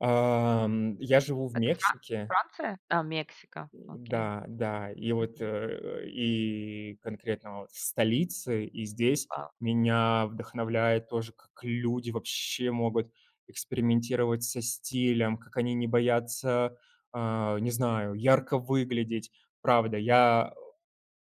Эм я живу в Это Фран Мексике. Франция? А, Мексика. М Окей. да, да, и вот, э Мгм. э и конкретно вот в столице, и здесь А, ф меня вдохновляет тоже, к как люди вообще могут экспериментировать со стилем. Как они не боятся, а не знаю, ярко выглядеть. Правда, я о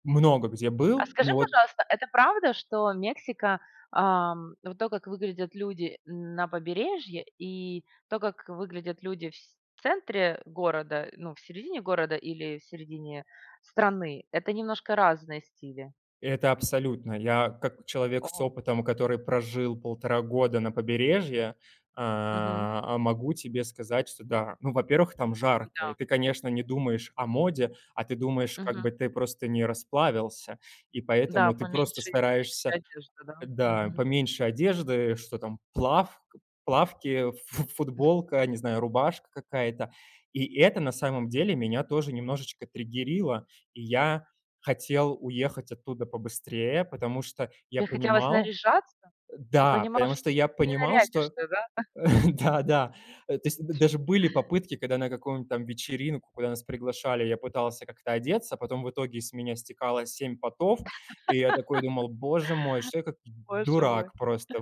много где А был, скажи, но вот пожалуйста, это правда, что Мексика, ам вот то, как выглядят люди на побережье, и то, как выглядят люди в сь в центре города ну в середине города или в середине страны- это немножко разные стили? Это абсолютно. Я, как человек с О! опытом, который прожил 1,5 года на побережье, э Мгм. а, могу тебе сказать, что да. Ну во-первых, там жарко, и М-да. ты, конечно, не думаешь о моде, а ты думаешь, как Мгм. бы ты просто не расплавился. И Да, поэтому ты просто поменьше, и легче стараешься, одежда, да? э, да Мгм. поменьше одежды что там, плав плавки, фу футболка, а не знаю, рубашка какая-то. И это на самом деле меня тоже немножечко триггерило, и я хотел уехать оттуда побыстрее, потому что я Те хотелось понимал наряжаться? э, Ты да, понимал, потому что что я не понимал, что нарядишься, да? да да. Э, то есть д даже были попытки, когда на каком там вечеринку, куда нас приглашали, я пытался как-то одеться, потом в итоге с меня стекало 7 потов, и я такой думал: "Боже мой, что я, как д Боже мой. дурак, просто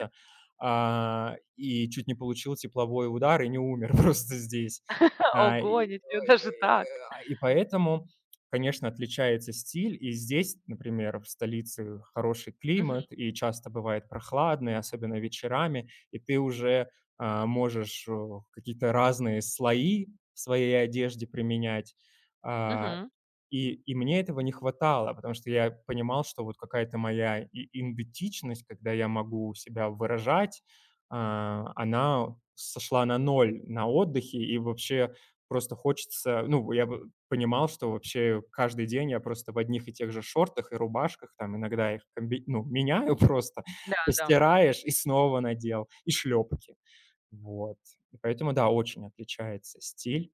А, и чуть не получил тепловой удар и не умер просто здесь. А, и Ого, ничего ой-ой-ой, даже так! и ай и поэтому, конечно, отличается стиль, и здесь, например, в столице хороший Мгм. климат и часто бывает прохладный, особенно вечерами, и ты уже, а можешь в о какие-то разные слои в своей одежде применять. А Мгм. и и мне этого не хватало, потому что я понимал, что вот какая-то моя и идентичность, когда я могу себя выражать. А она, у сошла на ноль на отдыхе, и вообще просто хочется. Ну я бы понимал, что вообще каждый день я просто в одних и тех же шортах и рубашках, там, иногда их комби ну меняю просто, Да, да, м. постираешь и снова надел, и шлёпки. Вот, и поэтому, да, очень отличается стиль.